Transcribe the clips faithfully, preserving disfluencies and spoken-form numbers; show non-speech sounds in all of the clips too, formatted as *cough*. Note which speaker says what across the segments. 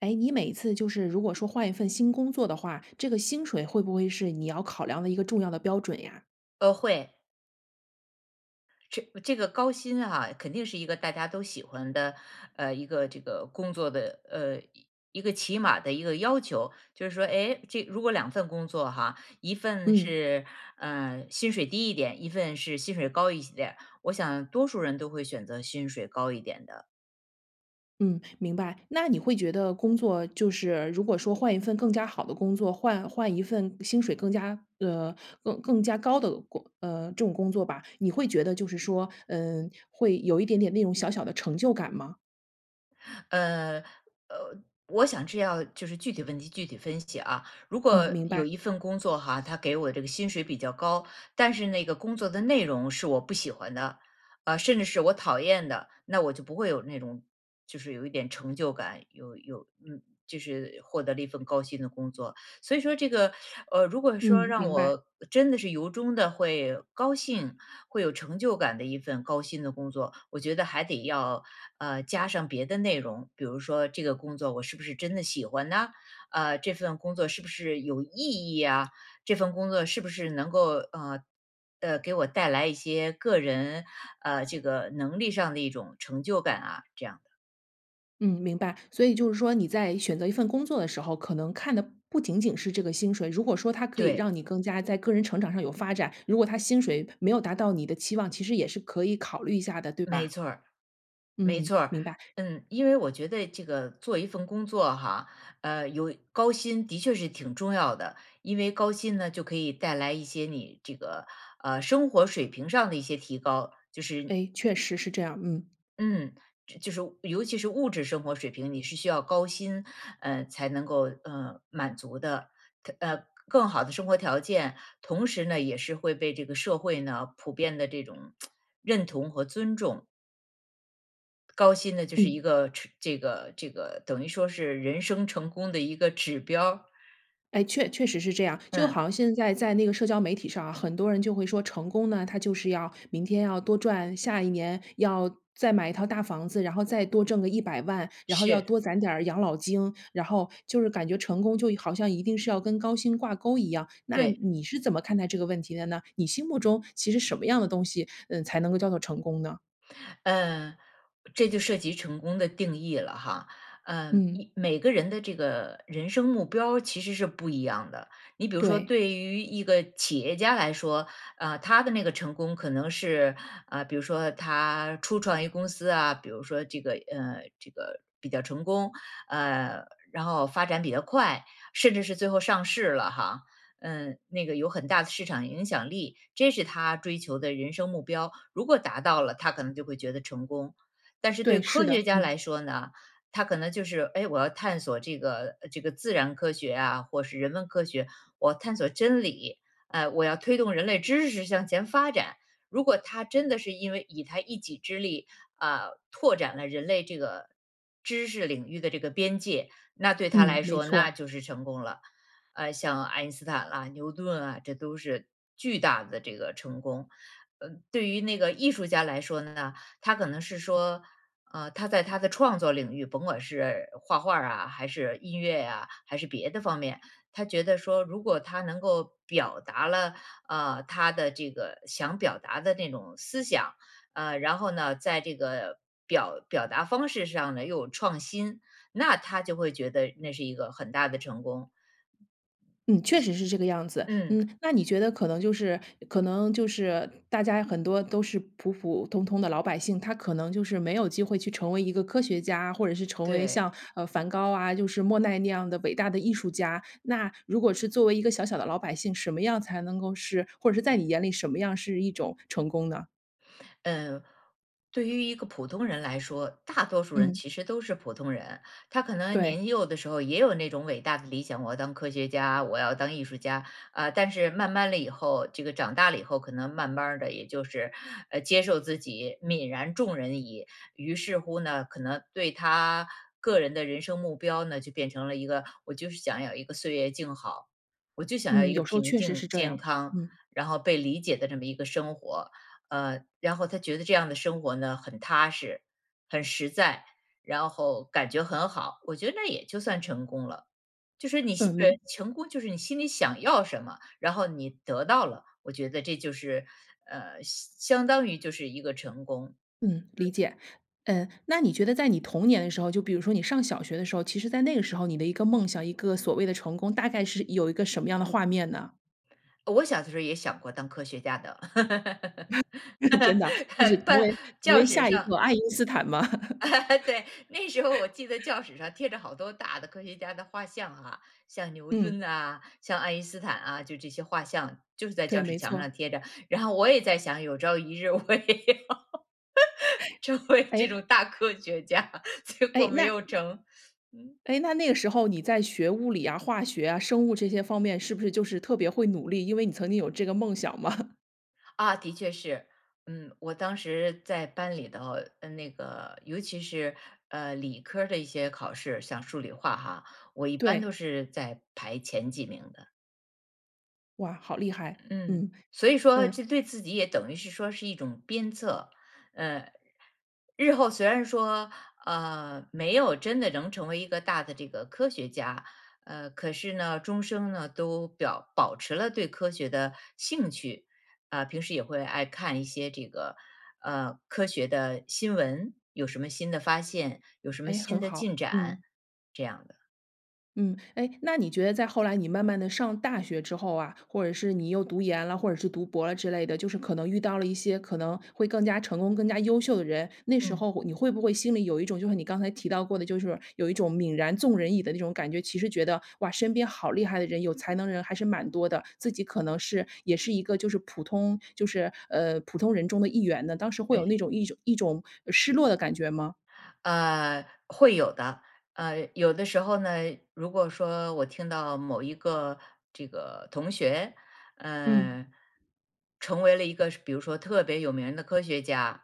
Speaker 1: 诶，你每次就是如果说换一份新工作的话，这个薪水会不会是你要考量的一个重要的标准呀？
Speaker 2: 啊，会。这这个高薪啊，肯定是一个大家都喜欢的，呃，一个这个工作的，呃，一个起码的一个要求，就是说，哎，这如果两份工作哈，一份
Speaker 1: 嗯。
Speaker 2: 是，啊，薪水低一点，一份是薪水高一些点，我想多数人都会选择薪水高一点的。
Speaker 1: 嗯，明白，那你会觉得工作就是如果说换一份更加好的工作，换换一份薪水更加，呃，更更加高的工呃，这种工作吧，你会觉得就是说，嗯，会有一点点那种小小的成就感吗？
Speaker 2: 呃，呃，我想这要就是具体问题具体分析啊。如
Speaker 1: 嗯，
Speaker 2: 果
Speaker 1: 明白。
Speaker 2: 有一份工作哈，它给我这个薪水比较高，但是那个工作的内容是我不喜欢的，啊，甚至是我讨厌的，那我就不会有那种就是有一点成就感，有有嗯，就是获得了一份高薪的工作。所以说这个，呃，如果说
Speaker 1: 嗯，
Speaker 2: 让
Speaker 1: 明白。
Speaker 2: 我真的是由衷地会高兴，会有成就感的一份高薪的工作，我觉得还得要，呃，加上别的内容，比如说这个工作我是不是真的喜欢呢？呃，这份工作是不是有意义啊？这份工作是不是能够，呃，呃，给我带来一些个人，呃，这个能力上的一种成就感啊，这样的。
Speaker 1: 嗯，明白，所以就是说你在选择一份工作的时候，可能看的不仅仅是这个薪水。如果说它可以
Speaker 2: 对。
Speaker 1: 让你更加在个人成长上有发展，如果它薪水没有达到你的期望，其实也是可以考虑一下的，对
Speaker 2: 没
Speaker 1: 吧？
Speaker 2: 错儿，没
Speaker 1: 嗯，
Speaker 2: 错儿，
Speaker 1: 明白。
Speaker 2: 嗯。因为我觉得这个做一份工作哈，呃有高薪的确是挺重要的，因为高薪呢，就可以带来一些你这个，呃生活水平上的一些提高，就是
Speaker 1: 诶，确实是这样，嗯。
Speaker 2: 嗯就就是尤其是物质生活水平，你是需要高薪，呃，才能够，呃，满足的，呃它更好的生活条件。同时呢，也是会被这个社会呢，普遍地这种 *tsk* 认同和尊重。高薪呢就是一
Speaker 1: 嗯。
Speaker 2: 个吃这个这个等于说是人生成功的一个指标。
Speaker 1: 诶，确确实是这样。就好
Speaker 2: 嗯。
Speaker 1: 像现在在那个社交媒体上啊，很多人就会说成功呢，它就是要明天要多赚，下一年要再买一套大房子，然后再多挣个一百万，然后要
Speaker 2: 是。
Speaker 1: 多攒点养老金，然后，就是感觉成功就好像一定是要跟高薪挂钩一样。那
Speaker 2: 对。
Speaker 1: 你是怎么看待这个问题的呢？你心目中其实什么样的东西，嗯，才能够叫做成功呢？
Speaker 2: 嗯，这就涉及成功的定义了哈，呃
Speaker 1: 嗯。
Speaker 2: 每个人的这个人生目标其实是不一样的。你比如说
Speaker 1: 对。
Speaker 2: 对于一个企业家来说，呃，他的那个成功可能是，啊，比如说他初创一个公司啊，比如说这个呃，这个比较成功。呃，然后发展比较快，甚至是最后上市了哈，嗯，那个有很大的市场影响力，这是他追求的人生目标。如果达到了，他可能就会觉得成功。但是对
Speaker 1: 对，是
Speaker 2: 科学
Speaker 1: 的，
Speaker 2: 家
Speaker 1: 嗯。
Speaker 2: 来说呢，他可能就是：“哎，我要探索这个这个自然科学啊，或是人文科学，我探索真理，呃，我要推动人类知识向前发展。”如果他真的是因为以他一己之力，啊，拓展了人类这个知识领域的这个边界，那对他
Speaker 1: 嗯，
Speaker 2: 来
Speaker 1: 没
Speaker 2: 说那
Speaker 1: 错。
Speaker 2: 就是成功了。呃，像爱因斯坦啊、牛顿啊，这都是巨大的这个成功。嗯，对于那个艺术家来说呢，他可能是说，呃，他在他的创作领域，甭管是画画儿啊还是音乐呀，还是别的方面，他觉得说如果他能够表达了，呃，他的这个想表达的那种思想，呃然后呢在这个表表达方式上呢又有创新，那他就会觉得那是一个很大的成功。
Speaker 1: 嗯，确实是这个样子。
Speaker 2: 嗯。
Speaker 1: 嗯，那你觉得可能就是可能就是大家很多都是普普通通的老百姓，他可能就是没有机会去成为一个科学家，或者是成为
Speaker 2: 对。
Speaker 1: 像，呃，梵高啊，就是莫奈那样的伟大的艺术家。那如果是作为一个小小的老百姓，什么样才能够是或者是在你眼里什么样是一种成功呢？
Speaker 2: 嗯，对于一个普通人来说，大多数人
Speaker 1: 嗯。
Speaker 2: 其实都是普通人。他可能
Speaker 1: 对。
Speaker 2: 年幼的时候也有那种伟大的理想，我要当科学家，我要当艺术家。啊，但是慢慢了以后，这个长大了以后，可能慢慢儿的也就是，呃，接受自己泯然众人矣，于是乎呢，可能对他个人的人生目标呢就变成了一个，我就是想要一个岁月静好，我就想要
Speaker 1: 嗯，
Speaker 2: 一个
Speaker 1: 有时候
Speaker 2: 平
Speaker 1: 确实是
Speaker 2: 静
Speaker 1: 这
Speaker 2: 健
Speaker 1: 样，
Speaker 2: 康，
Speaker 1: 嗯。
Speaker 2: 然后被理解的这么一个生活。呃，然后他觉得这样的生活呢很踏实、很实在，然后感觉很好，我觉得那也就算成功了。就是你心
Speaker 1: 嗯，
Speaker 2: 对，
Speaker 1: 明
Speaker 2: 成功就是你心里想要什么，然后你得到了，我觉得这就是，呃，相相当于就是一个成功。
Speaker 1: 嗯，理解，嗯，那你觉得在你童年的时候，就比如说你上小学的时候。其实在那个时候你的一个梦想，一个所谓的成功，大概是有一个什么样的画面呢？
Speaker 2: 我小的时候也想过当科学家的。
Speaker 1: *laughs* 真的，就是
Speaker 2: *laughs*
Speaker 1: 成为
Speaker 2: 班
Speaker 1: 成
Speaker 2: 教
Speaker 1: 为
Speaker 2: 室
Speaker 1: 下一
Speaker 2: 上
Speaker 1: 个爱因斯坦吗？
Speaker 2: *laughs* 对，那时候我记得
Speaker 1: *laughs*
Speaker 2: 教室上贴着好多大的科学家的画像啊，像牛顿
Speaker 1: 嗯。
Speaker 2: 啊，像爱因斯坦啊，就这些画像就是在
Speaker 1: 对，
Speaker 2: 教室
Speaker 1: 没
Speaker 2: 墙
Speaker 1: 错。
Speaker 2: 上贴着。然后我也在想，有朝一日我也要，成
Speaker 1: *chuckles*
Speaker 2: 为这
Speaker 1: 诶。
Speaker 2: 种大科学家，结果
Speaker 1: 诶，
Speaker 2: 没
Speaker 1: 那，
Speaker 2: 有成。嗯。
Speaker 1: 诶，那那个时候你在学物理啊、化学啊、生物这些方面是不是就是特别会努力，因为你曾经有这个梦想嘛。
Speaker 2: 啊，的确是。嗯，我当时在班里头呃，那个，尤其是，呃，理科儿的一些考试，像数理化哈，我一般都
Speaker 1: 对。
Speaker 2: 是在排前几名的。
Speaker 1: 哇，好厉害，
Speaker 2: 嗯，
Speaker 1: 嗯，
Speaker 2: 所以说，
Speaker 1: 嗯。
Speaker 2: 这对自己也等于是说是一种鞭策。呃，日后虽然说，呃，没有真的能成为一个大的这个科学家，呃，可是呢，终生呢都表保持了对科学的兴趣。啊，平时也会爱看一些这个，呃，科学的新闻，有什么新的发现，有什么
Speaker 1: 哎，
Speaker 2: 新
Speaker 1: 很
Speaker 2: 的进
Speaker 1: 好，
Speaker 2: 展，
Speaker 1: 嗯。
Speaker 2: 这样的。
Speaker 1: 嗯，诶，那你觉得在后来你慢慢地上大学之后啊，或者是你又读研了，或者是读博了之类的，就是可能遇到了一些可能会更加成功、更加优秀的人。那时
Speaker 2: 嗯。
Speaker 1: 候你会不会心里有一种，就是你刚才提到过的，就是说有一种泯然众人矣的那种感觉。其实觉得哇，身边好厉害的人，有才能的人还是蛮多的。自己可能是也是一个，就是普通就是，呃，普通人中的一员呢？当时会有
Speaker 2: 对。
Speaker 1: 那种一种一种失落的感觉吗？
Speaker 2: 呃，会有的。呃，有的时候呢，如果说我听到某一个这个同学，
Speaker 1: 嗯。
Speaker 2: 嗯，成为了一个说比如说特别有名的科学家，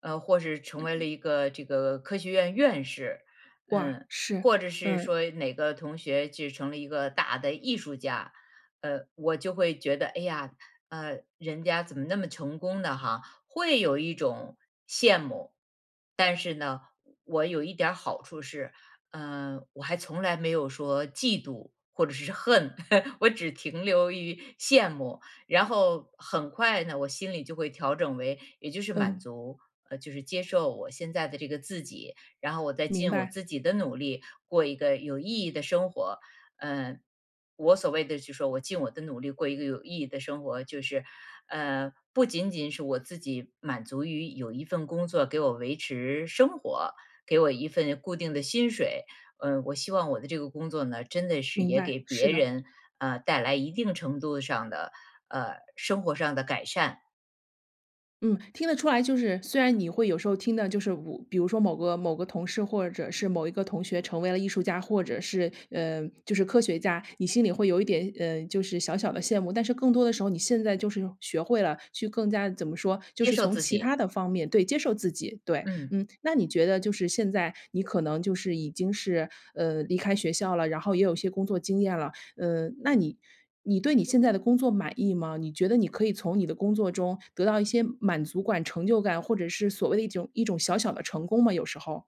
Speaker 2: 呃，或是成为了一个，这个科学院院士，
Speaker 1: 哇，
Speaker 2: 嗯，
Speaker 1: 是，
Speaker 2: 或者是
Speaker 1: 嗯。
Speaker 2: 说哪个同学就成了一个大的艺术家。呃，我就会觉得，哎呀，呃，人家怎么那么成功的哈。会有一种羡慕。但是呢，我有一点儿好处是，呃，我还从来没有说嫉妒或者是恨。*laughs* 我只停留于羡慕。然后很快呢，我心里就会调整为，也就是满
Speaker 1: 嗯。
Speaker 2: 足。呃，就是接受我现在的这个自己，然后我再
Speaker 1: 明
Speaker 2: 尽我
Speaker 1: 白。
Speaker 2: 自己的努力过一个有意义的生活，嗯。我所谓的，就说我尽我的努力过一个有意义的生活，就是，呃，不仅仅是我自己满足于有一份工作给我维持生活，给我一份固定的薪水。呃，我希望我的这个工作呢，真的是
Speaker 1: 明
Speaker 2: 也
Speaker 1: 白，
Speaker 2: 给
Speaker 1: 是
Speaker 2: 别
Speaker 1: 的。
Speaker 2: 人，呃，带来一定程度上的，呃，生活上的改善。
Speaker 1: 嗯，听得出来，就是虽然你会有时候听的就是如比如说某个某个同事或者是某一个同学成为了艺术家，或者是，呃就是科学家，你心里会有一点，嗯，就是小小的羡慕，但是更多的时候你现在就是学会了，去更加怎么说？就
Speaker 2: 接
Speaker 1: 是
Speaker 2: 受
Speaker 1: 从
Speaker 2: 自
Speaker 1: 其
Speaker 2: 己。
Speaker 1: 它的方面对，接受自己，对，
Speaker 2: 嗯。
Speaker 1: 嗯。那你觉得就是现在你可能就是已经是，呃，离开学校了，然后也有一些工作经验啦，嗯，那你你对你现在的工作满意吗？你觉得你可以从你的工作中得到一些满足管、成就感，或者是所谓的一种一种小小的成功吗，有时候？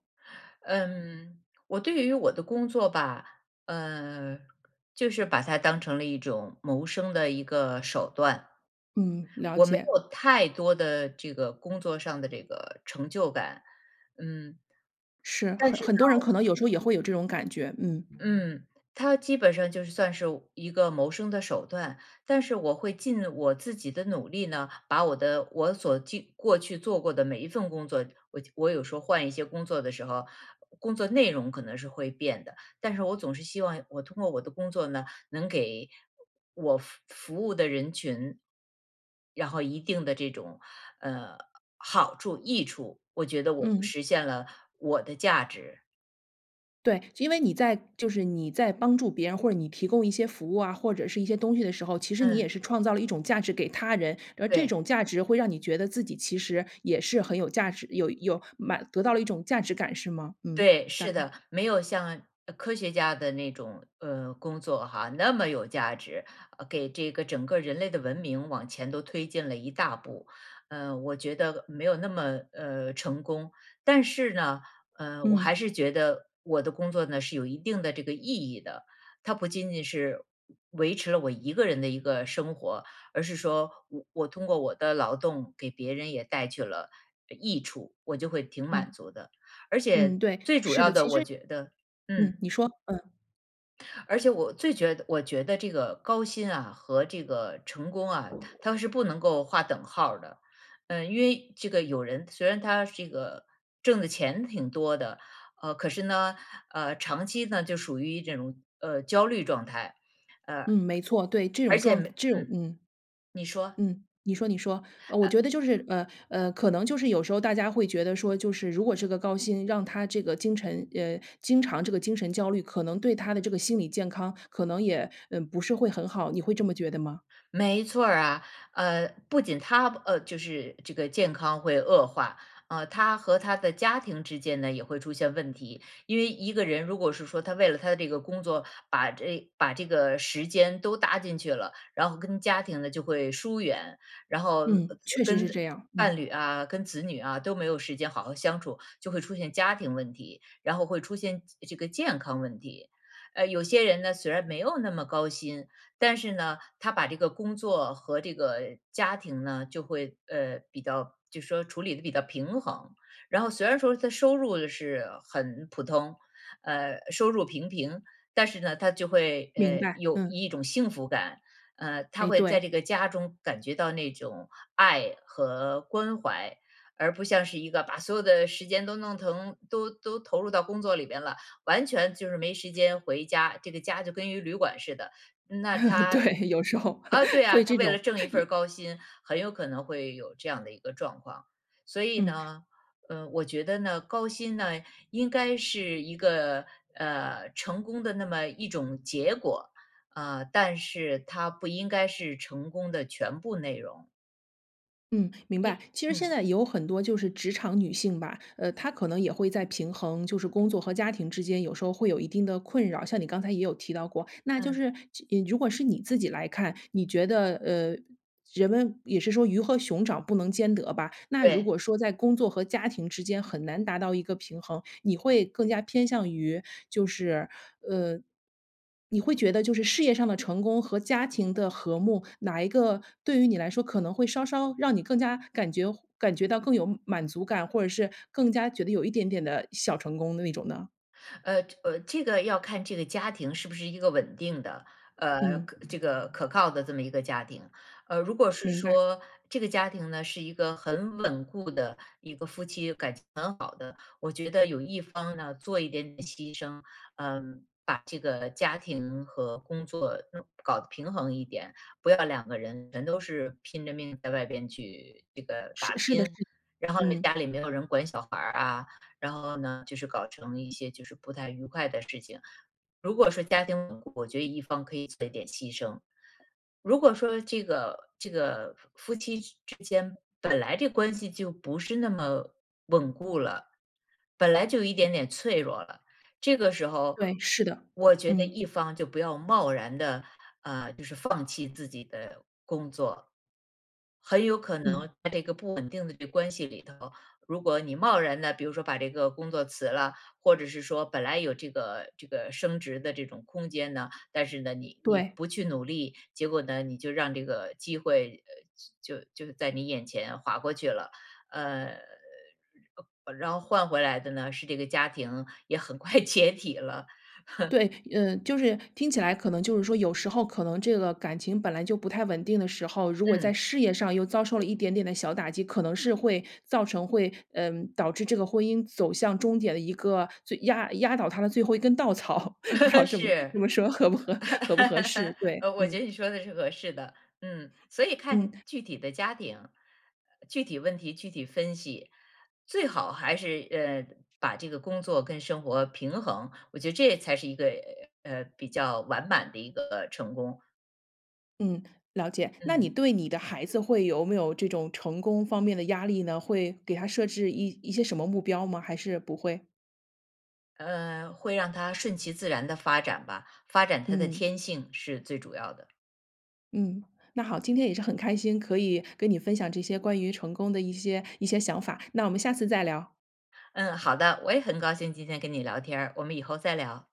Speaker 2: 嗯，我对于我的工作吧，呃，就是把它当成了一种谋生的一个手段。
Speaker 1: 嗯，了
Speaker 2: 我没
Speaker 1: 解。
Speaker 2: 有太多的这个工作上的这个成就感，嗯，
Speaker 1: 是，
Speaker 2: 但
Speaker 1: 很
Speaker 2: 是呢
Speaker 1: 很多人可能有时候也会有这种感觉，嗯。
Speaker 2: 嗯，它基本上就是算是一个我谋生的手段，但是我会尽我自己的努力呢，把我的我所就过去做过的每一份工作，我就我有时候换一些工作的时候，工作内容可能是会变的。但是我总是希望我通过我的工作呢，能给我服服务的人群，然后一定的这种，呃好处、益处，我觉得我就
Speaker 1: 嗯。
Speaker 2: 实现了我的价值。
Speaker 1: 对，因为你在就是你在帮助别人，或者你提供一些服务啊，或者是一些东西的时候，其实你也
Speaker 2: 嗯。
Speaker 1: 是创造了一种价值给他人，而这
Speaker 2: 对。
Speaker 1: 种价值会让你觉得自己其实也是很有价值，有有满得到了一种价值感是吗？嗯，
Speaker 2: 对，
Speaker 1: 大
Speaker 2: 是
Speaker 1: 概。
Speaker 2: 的，没有像，呃，科学家的那种，呃，工作哈，那么有价值，呃，给这个整个人类的文明往前都推进了一大步，呃，我觉得没有那么，呃，成功。但是呢，呃，我还
Speaker 1: 嗯。
Speaker 2: 是觉得我的工作呢是有一定的这个意义的，它不仅仅是维持了我一个人的一个生活，而是说我我通过我的劳动给别人也带去了，呃，益处，我就会挺满
Speaker 1: 嗯。
Speaker 2: 足的。而且
Speaker 1: 嗯，对，
Speaker 2: 最主
Speaker 1: 是
Speaker 2: 要
Speaker 1: 的，
Speaker 2: 的
Speaker 1: 其
Speaker 2: 我
Speaker 1: 实
Speaker 2: 觉得
Speaker 1: 嗯，
Speaker 2: 嗯。
Speaker 1: 你说，嗯。
Speaker 2: 而且我最觉得我觉得这个高薪啊和这个成功啊，它是不能够画等号儿的。呃，因为这个有人，虽然他这个挣的钱挺多的，呃，可是呢，呃，长期呢，就属于这种，呃，焦虑状态，呃
Speaker 1: 嗯，没错，对，这种
Speaker 2: 而且
Speaker 1: 状
Speaker 2: 每
Speaker 1: 这种
Speaker 2: 嗯，
Speaker 1: 嗯。
Speaker 2: 你说。
Speaker 1: 嗯，你说你说，呃，我觉得就
Speaker 2: 呃
Speaker 1: 是，呃，呃，可能就是有时候大家会觉得说，就是如果这个高薪让他这个精陈呃，经常这个精神焦虑，可能对他的这个心理健康可能也不是会很好，你会这么觉得吗？
Speaker 2: 没错儿啊，呃不仅他，呃，就是这个健康会恶化，呃，他和他的家庭之间呢也会出现问题，因为一个人如果是说他为了他的这个工作，把这把这个时间都搭进去了，然后跟家庭呢就会疏远，然后
Speaker 1: 嗯，确实是
Speaker 2: 跟
Speaker 1: 这样，
Speaker 2: 伴
Speaker 1: 嗯。
Speaker 2: 侣啊、跟子女啊都没有时间好好相处，就会出现家庭问题，然后会出现这个健康问题。呃，有些人呢，虽然没有那么高薪，但是呢，他把这个工作和这个家庭呢，就会呃，比较就说处理地比较平衡。然后虽然说他收入是很普通，呃收入平平，但是呢，他就会，
Speaker 1: 明
Speaker 2: 呃，
Speaker 1: 白，
Speaker 2: 有
Speaker 1: 嗯。
Speaker 2: 一种幸福感。呃，他
Speaker 1: 哎
Speaker 2: 会在
Speaker 1: 对。
Speaker 2: 这个家中感觉到那种爱和关怀，而不像是一个把所有的时间都弄疼都都投入到工作里边了，完全就是没时间回家，这个家就跟一个旅馆似的，那
Speaker 1: *laughs*
Speaker 2: 他
Speaker 1: 对，有时候
Speaker 2: 啊，对啊，
Speaker 1: 会
Speaker 2: 他
Speaker 1: 这
Speaker 2: 为了
Speaker 1: 种，
Speaker 2: 挣一份
Speaker 1: 有
Speaker 2: 儿高薪，很有可能会有这样的一个状况。所以
Speaker 1: 嗯。
Speaker 2: 呢，呃，我觉得呢，高薪呢，应该是一个，呃，成功的那么一种结果，啊，但是它不应该是成功的全部内容。
Speaker 1: 嗯，明白，
Speaker 2: 一
Speaker 1: 其实现
Speaker 2: 嗯。
Speaker 1: 在有很多就是职场女性吧，呃，她可能也会在平衡，就是工作和家庭之间有时候会有一定的困扰，像你刚才也有提到过。那就
Speaker 2: 嗯。
Speaker 1: 是，呃，如果是你自己来看，你觉得，呃，人们也是说鱼和熊掌不能兼得吧。那如
Speaker 2: 对。
Speaker 1: 果说在工作和家庭之间很难达到一个平衡，你会更加偏向于，就是，呃你会觉得就是事业上的成功和家庭的和睦，哪一个对于你来说可能会稍稍让你更加感觉感觉到更有满足感，或者是更加觉得有一点点的小成功的那种呢？
Speaker 2: 呃，呃，这个要看这个家庭是不是一个稳定的，呃，
Speaker 1: 嗯。
Speaker 2: 这个可靠的这么一个家庭。呃，如果是
Speaker 1: 明白。
Speaker 2: 说这个家庭呢，是一个很稳固的一个夫妻感情很好的，我觉得有一方呢，做一点点牺牲，呃，把这个家庭和工作搞得平衡一点，不要两个人全都是拼着命在外边去这个
Speaker 1: 是，
Speaker 2: 打
Speaker 1: 是的
Speaker 2: 拼。
Speaker 1: 是的。
Speaker 2: 然后呢，家
Speaker 1: 嗯。
Speaker 2: 里没有人管小孩儿啊，然后呢，就是搞成一些就是不太愉快的事情。如果说家庭稳固，我觉得一方可以做一点牺牲，如果说这个这个夫夫妻之间本来这关系就不是那么稳固了，本来就有一点点脆弱了，这个时候
Speaker 1: 对，是的，
Speaker 2: 我觉得
Speaker 1: 嗯。
Speaker 2: 一方就不要贸然地，啊，就是放弃自己的工作。很有可
Speaker 1: 嗯。
Speaker 2: 能在这个不稳定的这个关系里头，如果你贸然地，比如说把这个工作辞了，或者是说本来有这个这个升职的这种空间呢，但是呢，你你
Speaker 1: 对。
Speaker 2: 不去努力，结果呢，你就让这个机会，呃，就就在你眼前划过去了。呃，然然后换回来的呢，是这个家庭也很快解体了。*chuckles*
Speaker 1: 对，嗯，就是听起来，可能就是说有时候可能这个感情本来就不太稳定的时候，如果在
Speaker 2: 嗯。
Speaker 1: 事业上又遭受了一点点的小打击，可能是会造成，会嗯，导致这个婚姻走向终点的一个最压压倒他的最后一根稻草，*laughs* 不知道
Speaker 2: *laughs*
Speaker 1: 这么
Speaker 2: 是。
Speaker 1: 这么说合不合合不合适？
Speaker 2: *laughs*
Speaker 1: 对，
Speaker 2: 呃，我觉
Speaker 1: 嗯。
Speaker 2: 得你说的是合适的。嗯，所以看
Speaker 1: 嗯。
Speaker 2: 具体的家庭，呃，具体问题具体分析。最好还是，呃，把这个工作跟生活平衡，我觉得这才是一个，呃，比较完满的一个成功。
Speaker 1: 嗯，了解，那你
Speaker 2: 嗯。
Speaker 1: 对你的孩子，会有没有这种成功方面的压力呢？会给他设置一一些什么目标吗？还是不会？
Speaker 2: 呃，会让他顺其自然地发展吧，发展他的
Speaker 1: 嗯。
Speaker 2: 天性是最主要的。
Speaker 1: 嗯，那好，今天也是很开心，可以跟你分享这些关于成功的一些一些想法，那我们下次再聊。
Speaker 2: 嗯，好的，我也很高兴今天跟你聊天儿，我们以后再聊。